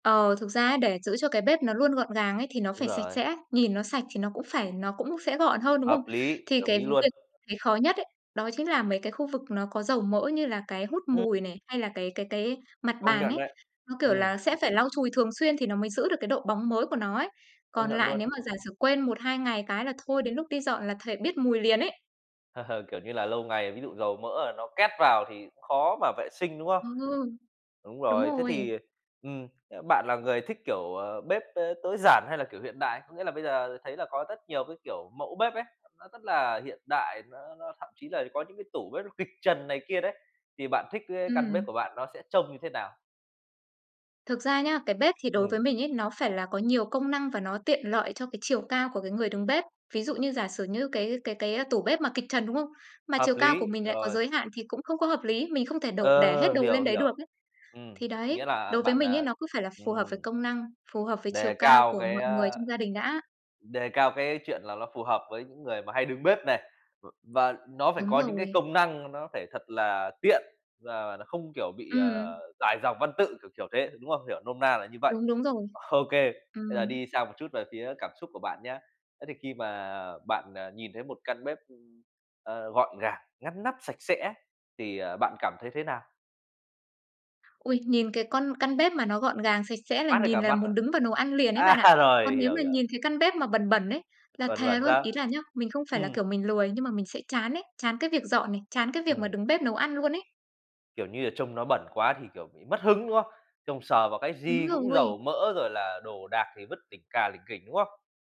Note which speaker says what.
Speaker 1: Ờ, thực ra á để giữ cho cái bếp nó luôn gọn gàng ấy thì nó
Speaker 2: Đúng
Speaker 1: phải sạch
Speaker 2: rồi.
Speaker 1: sẽ, nhìn nó sạch thì nó cũng phải nó cũng sẽ gọn hơn, đúng không?
Speaker 2: Hợp lý,
Speaker 1: Thì
Speaker 2: đồng
Speaker 1: cái việc
Speaker 2: ý luôn.
Speaker 1: mình thấy khó nhất ấy, đó chính là mấy cái khu vực nó có dầu mỡ như là cái hút
Speaker 2: Ừm.
Speaker 1: mùi này, hay là cái cái cái mặt
Speaker 2: Công
Speaker 1: bàn
Speaker 2: nhận
Speaker 1: ấy.
Speaker 2: đấy,
Speaker 1: Nó, kiểu
Speaker 2: ừm.
Speaker 1: là, sẽ phải lau chùi thường xuyên thì nó mới giữ được cái độ bóng mới của nó ấy,
Speaker 2: Công
Speaker 1: còn
Speaker 2: nhận
Speaker 1: lại
Speaker 2: luôn.
Speaker 1: nếu mà giả sử quên 1-2 ngày cái là thôi đến lúc đi dọn là thề biết mùi liền ấy.
Speaker 2: Kiểu như là, lâu ngày ví dụ dầu mỡ là nó két vào thì cũng khó mà vệ sinh, đúng không?
Speaker 1: Ừ,
Speaker 2: Đúng
Speaker 1: đúng
Speaker 2: rồi, thế
Speaker 1: rồi.
Speaker 2: thì, ừm, à, bạn là người thích, kiểu, ờ, bếp, ơ, tối giản hay là, kiểu, hiện đại. Có nghĩa là bây giờ thấy là có rất nhiều cái kiểu mẫu bếp ấy, nó rất là hiện đại, nó nó thậm chí là có những cái tủ bếp nó kịch trần này kia đấy, thì bạn thích cái căn bếp
Speaker 1: Ừm.
Speaker 2: của bạn nó sẽ trông như thế nào?
Speaker 1: Thực ra nhá, cái bếp thì đối với
Speaker 2: Ừm.
Speaker 1: mình ấy, nó phải là có nhiều công năng và nó tiện lợi cho cái chiều cao của cái người đứng bếp. Ví dụ như giả sử như cái cái cái tủ bếp mà kịch trần, đúng không? Mà
Speaker 2: Hợp
Speaker 1: chiều cao của
Speaker 2: lý,
Speaker 1: mình lại có
Speaker 2: rồi.
Speaker 1: giới hạn thì cũng không có hợp lý, mình không thể đổ để hết
Speaker 2: Ờ,
Speaker 1: đồ
Speaker 2: hiểu,
Speaker 1: lên đấy được
Speaker 2: hiểu,
Speaker 1: ấy.
Speaker 2: ừm,
Speaker 1: Thì đấy,
Speaker 2: nghĩa là
Speaker 1: đối với
Speaker 2: bạn,
Speaker 1: mình ấy,
Speaker 2: à,
Speaker 1: nó cứ phải là phù hợp với
Speaker 2: ừm,
Speaker 1: công năng, phù hợp với chiều
Speaker 2: đề
Speaker 1: cao
Speaker 2: cao
Speaker 1: của
Speaker 2: cái
Speaker 1: mọi người
Speaker 2: ờ,
Speaker 1: trong gia đình đã.
Speaker 2: đề cao cái chuyện là ló phù hợp với những người mà hay đứng bếp này. V và nó phải
Speaker 1: Đúng
Speaker 2: có những cái
Speaker 1: rồi.
Speaker 2: công năng mà nó phải thật là tiện và không kiểu bị, ờ,
Speaker 1: Ừm.
Speaker 2: dài dòng văn tự, kiểu, kiểu thế, đúng không? Hiểu nôm na là như vậy.
Speaker 1: Đúng, đúng rồi.
Speaker 2: Ô kê, bây giờ
Speaker 1: Ừm.
Speaker 2: đi sang một chút về phía cảm xúc của bạn nhá, thế thì khi mà bạn, ờ, nhìn thấy một căn bếp, ưm, ờ, gọn gàng, ngăn nắp, sạch sẽ thì, ờ, bạn cảm thấy thế nào?
Speaker 1: Ôi, nhìn cái con căn bếp mà nó gọn gàng, sạch sẽ là
Speaker 2: Mát hết
Speaker 1: nhìn
Speaker 2: cả
Speaker 1: là
Speaker 2: mắt à?
Speaker 1: muốn đứng vào nấu ăn liền ấy bạn ạ,
Speaker 2: À,
Speaker 1: còn
Speaker 2: rồi,
Speaker 1: nếu
Speaker 2: hiểu,
Speaker 1: mà
Speaker 2: hiểu.
Speaker 1: nhìn cái căn bếp mà bẩn bẩn ấy, là
Speaker 2: Còn
Speaker 1: thề
Speaker 2: bẩn
Speaker 1: luôn,
Speaker 2: sao?
Speaker 1: ý là nhá, mình không phải là,
Speaker 2: Ừm.
Speaker 1: kiểu, mình lười, nhưng mà mình sẽ chán ấy, chán cái việc dọn này, chán cái việc mà
Speaker 2: Ừm.
Speaker 1: đứng bếp nấu ăn luôn ấy.
Speaker 2: Kiểu như, là trông nó bẩn quá thì, kiểu, bị mất hứng, đúng không? Trông sờ vào cái
Speaker 1: Đúng
Speaker 2: gì cũng
Speaker 1: rồi.
Speaker 2: dầu mỡ rồi là đồ đạc thì vứt lỉnh cà lỉnh kỉnh, đúng không?